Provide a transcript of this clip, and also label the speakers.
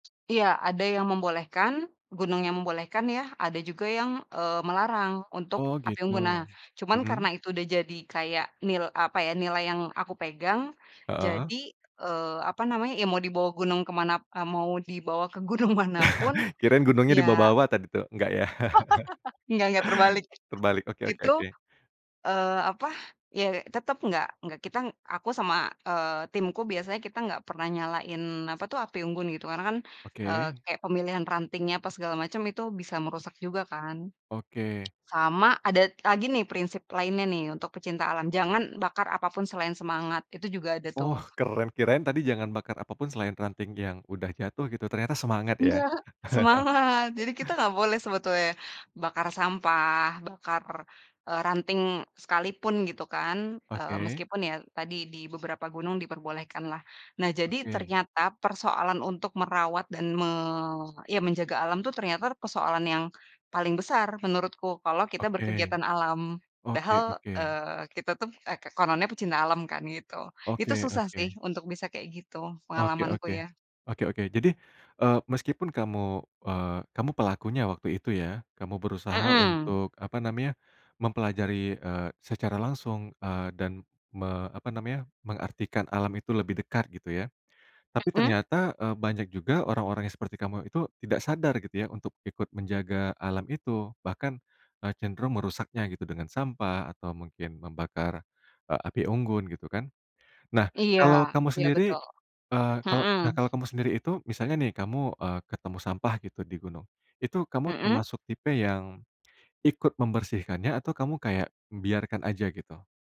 Speaker 1: Iya, ada yang membolehkan, gunungnya membolehkan ya, ada juga yang, eee, melarang untuk
Speaker 2: Oh
Speaker 1: api
Speaker 2: gitu.
Speaker 1: unggun. Nah, cuman karena
Speaker 2: Mhm.
Speaker 1: itu udah jadi kayak nil apa ya, nilai yang aku pegang
Speaker 2: Heeh.
Speaker 1: jadi, eee, apa namanya, ya mau dibawa gunung ke mana mau dibawa ke gunung manapun
Speaker 2: Kirain gunungnya
Speaker 1: ya
Speaker 2: dibawa-bawa tadi tuh, enggak ya.
Speaker 1: Nggak nggak, terbalik.
Speaker 2: Terbalik, oke oke
Speaker 1: Itu,
Speaker 2: oke.
Speaker 1: eee, apa, ya tetep nggak nggak kita ng aku sama, eee, timku biasanya kita nggak pernah nyalain apa tuh, api unggun gitu. Karena kan, eee,
Speaker 2: Oke.
Speaker 1: kayak pemilihan rantingnya apa segala macem itu bisa merusak juga kan.
Speaker 2: Oke.
Speaker 1: Sama, ada lagi nih prinsip lainnya nih untuk pecinta alam, jangan bakar apapun selain semangat, itu juga ada tuh.
Speaker 2: Oh keren. Kirain tadi jangan bakar apapun selain ranting yang udah jatuh gitu, ternyata semangat ya.
Speaker 1: Nggak. Semangat. Jadi kita nggak boleh sebetulnya bakar sampah bakar, eee, ranting sekalipun gitu kan. Eee,
Speaker 2: Oke.
Speaker 1: meskipun ya tadi di beberapa gunung diperbolehkan lah. Nah, jadi
Speaker 2: Oke.
Speaker 1: ternyata persoalan untuk merawat dan me iya menjaga alam tuh ternyata persoalan yang paling besar menurutku kalau kita
Speaker 2: Oke.
Speaker 1: berkegiatan alam.
Speaker 2: Oke
Speaker 1: Padahal,
Speaker 2: oke.
Speaker 1: eee, kita tuh eh, kononnya pecinta alam kan gitu. Itu
Speaker 2: Oke
Speaker 1: susah
Speaker 2: oke.
Speaker 1: sih untuk bisa kayak gitu.
Speaker 2: Oke
Speaker 1: Pengalamanku
Speaker 2: oke.
Speaker 1: ya.
Speaker 2: Oke oke. Jadi, eee, meskipun kamu, eee, kamu pelakunya waktu itu ya, kamu berusaha
Speaker 1: Mhm.
Speaker 2: untuk apa namanya, mempelajari, eee, secara langsung, eee, dan me apa namanya, mengartikan alam itu lebih dekat gitu ya. Tapi
Speaker 1: Mhm.
Speaker 2: ternyata, eee, banyak juga orang-orang yang seperti kamu itu tidak sadar gitu ya untuk ikut menjaga alam itu. Bahkan, eee, cenderung merusaknya gitu dengan sampah atau mungkin membakar, eee, api unggun gitu kan. Nah,
Speaker 1: Iya,
Speaker 2: kalau kamu
Speaker 1: iya
Speaker 2: sendiri,
Speaker 1: betul.
Speaker 2: eee, kalau
Speaker 1: Mhm.
Speaker 2: nah kalau kamu sendiri itu, misalnya nih, kamu, eee, ketemu sampah gitu di gunung, itu kamu
Speaker 1: Mhm.
Speaker 2: termasuk tipe yang ikut membersihkannya atau kamu kayak biarkan aja gitu?